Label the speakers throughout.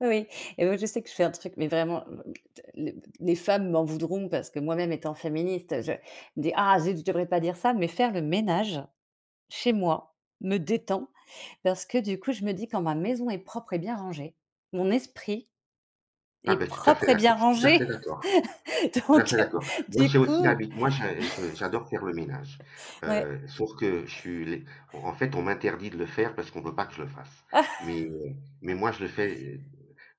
Speaker 1: Oui et oui je sais que je fais un truc mais vraiment, les les femmes m'en voudront parce que moi-même étant féministe je des ah zut je devrais pas dire ça mais faire le ménage chez moi me détend parce que du coup je me dis quand ma maison est propre et bien rangé mon esprit
Speaker 2: Ah
Speaker 1: est
Speaker 2: ben tout à
Speaker 1: propre
Speaker 2: fait
Speaker 1: et bien
Speaker 2: d'accord, je suis tout à
Speaker 1: rangé
Speaker 2: fait d'accord tout à
Speaker 1: donc
Speaker 2: fait
Speaker 1: heu,
Speaker 2: d'accord. Moi
Speaker 1: du
Speaker 2: j'ai aussi
Speaker 1: coup.
Speaker 2: l'habi moi je je je j'adore faire le ménage,
Speaker 1: Ouais.
Speaker 2: heu, sauf que je suis les en en fait on m'interdit de le faire parce qu'on veut pas que je le fasse mais heu, mais moi je le fais, heu,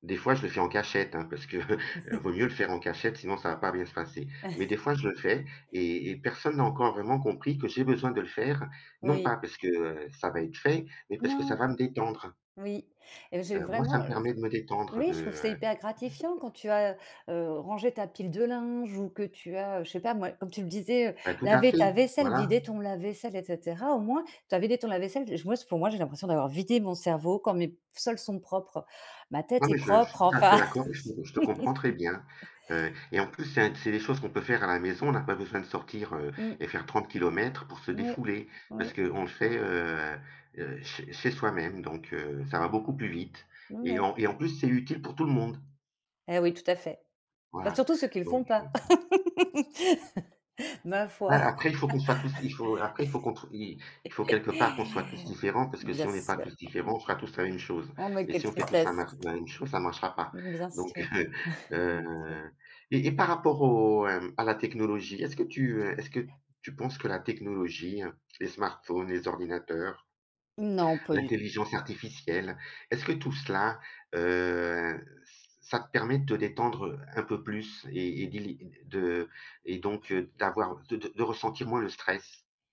Speaker 2: des fois je le fais, en cachette hein parce que vaut mieux le faire en cachette sinon ça va pas bien se passer mais des fois je le fais et et personne n'a encore vraiment compris que j'ai besoin de le faire non
Speaker 1: Oui.
Speaker 2: pas parce que ça va être fait mais parce que ça
Speaker 1: Non.
Speaker 2: va me détendre.
Speaker 1: Oui et j'ai
Speaker 2: Heu, moi, ça
Speaker 1: vraiment,
Speaker 2: me
Speaker 1: heu,
Speaker 2: permet de me
Speaker 1: je
Speaker 2: détendre
Speaker 1: oui
Speaker 2: de,
Speaker 1: je trouve que c'est
Speaker 2: heu
Speaker 1: hyper gratifiant quand tu as, heu, heu, rangé ta pile de linge ou que tu as je sais pas moi comme tu le disais, heu,
Speaker 2: Ben tout à
Speaker 1: laver
Speaker 2: fait,
Speaker 1: ta vaisselle,
Speaker 2: voilà.
Speaker 1: vider ton lave-vaisselle et cetera au moins tu as vidé ton lave-vaisselle et je moi s pour moi j'ai l'impression d'avoir vidé mon cerveau quand mes sols sont propres, ma tête
Speaker 2: Non
Speaker 1: est
Speaker 2: mais je je suis
Speaker 1: propre
Speaker 2: tout à
Speaker 1: enfin.
Speaker 2: fait d'accord et je te je te comprends très bien, heu, et en plus c'est un c'est des choses qu'on peut faire à la maison, on a pas besoin de sortir
Speaker 1: Mmh.
Speaker 2: et faire 30 kilomètres pour se
Speaker 1: Mouais,
Speaker 2: défouler parce
Speaker 1: oui.
Speaker 2: qu'on le fait, heu, heu, ch chez soi-même donc heu, ça va beaucoup plus vite
Speaker 1: Mmh,
Speaker 2: et
Speaker 1: ouais.
Speaker 2: en et en plus c'est utile pour tout le monde.
Speaker 1: Et oui, tout à fait. Bah
Speaker 2: Voilà
Speaker 1: surtout ceux qui le
Speaker 2: donc
Speaker 1: font
Speaker 2: heu
Speaker 1: pas. Ma
Speaker 2: Ouais
Speaker 1: foi.
Speaker 2: après il faut qu'on soit tous il faut après il faut qu'on trou i il faut quelque part qu'on soit tous différent parce
Speaker 1: Mmh,
Speaker 2: que si
Speaker 1: bien
Speaker 2: on est pas
Speaker 1: sûr.
Speaker 2: tous
Speaker 1: Mmh,
Speaker 2: différents on fera tous la même chose
Speaker 1: oh mais
Speaker 2: et
Speaker 1: quelle
Speaker 2: si on fait tous la
Speaker 1: tristesse.
Speaker 2: mar la même chose ça marchera pas
Speaker 1: Mmh, bien
Speaker 2: donc
Speaker 1: sûr
Speaker 2: heu, heu,
Speaker 1: bien sûr.
Speaker 2: et et par rapport au, hem, à la technologie est-ce que tu, heu, est-ce que tu penses que la technologie les smartphones, les ordinateurs,
Speaker 1: Non, pas du tout.
Speaker 2: l'intelligence artificielle, est-ce que tout cela, heu, ç ça te permet de te détendre un peu plus et et d'éli et et de et donc heu, d'avoir de de de ressentir moins le stress?